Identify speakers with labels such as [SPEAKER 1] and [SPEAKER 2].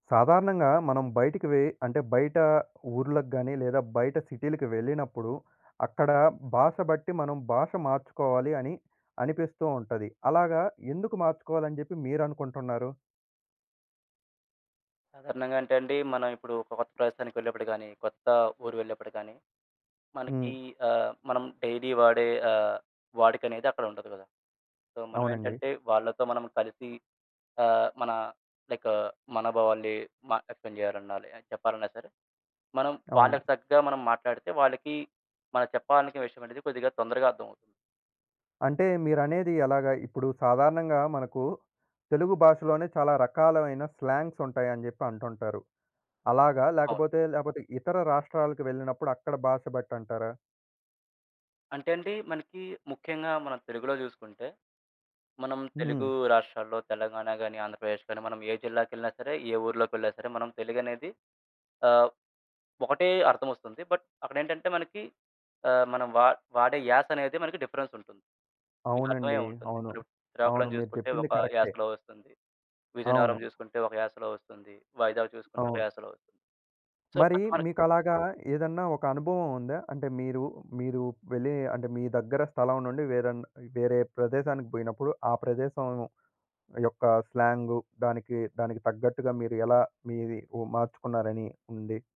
[SPEAKER 1] సాధారణంగా మనం బయటికి వే అంటే, బయటా ఊర్లకు గానీ, లేదా బయట సిటీలకి వెళ్ళినప్పుడు, అక్కడా భాష బట్టి మనం భాష మార్చుకోవాలి అని అనిపిస్తూ ఉంటది. అలాగా ఎందుకు మార్చుకోవాలి అని చెప్పి మీరు అనుకుంటన్నారు?
[SPEAKER 2] సాధారణంగంటే అండీ, మనం ఇప్పుడు ఒక కొత్త ప్రదేశానికి వెళ్ళేప్పుడు గానీ, కొత్తా ఊరు వెళ్ళేప్పుడు గానీ,
[SPEAKER 1] హ్మ్.
[SPEAKER 2] మనకీ ఆహ్, మనం డైలీ వాడే ఆహ్, వాడుకనేది అక్కడుండదు గదా! సో,
[SPEAKER 1] అవునండి.
[SPEAKER 2] మనవేంటంటే, వాళ్ళతో మనము కలిసి ఆహ్, మనా లైక్ మనోభావాలనీ మ వ్యక్తం చెయ్యాలన్నా లె చెప్పాలన్నా సరే, మనం
[SPEAKER 1] అవును.
[SPEAKER 2] వాళ్ళకి తగ్గగా మనం మాట్లాడితే, వాళ్ళకీ మనం చెప్పాలనుకున్న విషయవనేది కొద్దిగా తొందరగా అర్థమవుతుంది.
[SPEAKER 1] అంటే, మీరనేది ఎలాగా? ఇప్పుడు సాధారణంగా మనకూ తెలుగు భాషలోనే చాలా రకాలు అయిన స్లాంగ్సుంటాయని జెప్పి అంటుంటారు, అలాగా,
[SPEAKER 2] అవును.
[SPEAKER 1] లేకపోతే, లేపోతే ఇతర రాష్ట్రాలకు వెళ్ళినప్పుడు అక్కడ భాష బట్టంటారా?
[SPEAKER 2] అంటే అండీ, మనకీ ముఖ్యంగా మనం తెలుగులో జూసుకుంటే, మనం తెలుగూ
[SPEAKER 1] హ్మ్.
[SPEAKER 2] రాష్ట్రాల్లో తెలంగాణ గానీ, ఆంధ్రప్రదేశ్ గానీ, మనం ఏ జిల్లాకెళ్ళినా సరే, ఏ ఊర్లోకెళ్ళినా సరే, మనం తెలుగనేది ఆహ్, ఒకటే అర్థమొస్తుంది, బట్ అక్కడేంటంటే, మనకి ఆహ్, మనం వా వాడే యాసనేది మనకి డిఫరెన్సుంటుంది. మీకర్థమయ్యే
[SPEAKER 1] అవునండీ.
[SPEAKER 2] ఉంటుంది.
[SPEAKER 1] అవును.
[SPEAKER 2] ఇప్పుడు
[SPEAKER 1] అవును.
[SPEAKER 2] శ్రీకాకుళం
[SPEAKER 1] మీరు
[SPEAKER 2] చూసుకుంటే
[SPEAKER 1] చెప్పింది
[SPEAKER 2] ఒక
[SPEAKER 1] కరక్టే.
[SPEAKER 2] యాసలో వస్తుంది, విజయనగరం
[SPEAKER 1] అవును.
[SPEAKER 2] జూసుకుంటే ఒక యాసలో వస్తుంది, వైజాగ్ చూసుకుంటే ఒక
[SPEAKER 1] అవును.
[SPEAKER 2] యాసలో. సో,
[SPEAKER 1] మరీ
[SPEAKER 2] అట్టె మరి
[SPEAKER 1] మీకలాగా ఏదన్నా ఒక అనుభవవుందా? అంటే, మీరు, మీరూ వెళ్ళీ అంటే, మీ దగ్గర స్థలం నుండి వేరన్ వేరే ప్రదేశానికి పొయినప్పుడు, ఆ ప్రదేశం యొక్క స్లాంగు, దానికి, దానికి తగ్గట్టుగా మీరు ఎలా మీది ఉ మార్చుకున్నారని ఉంది?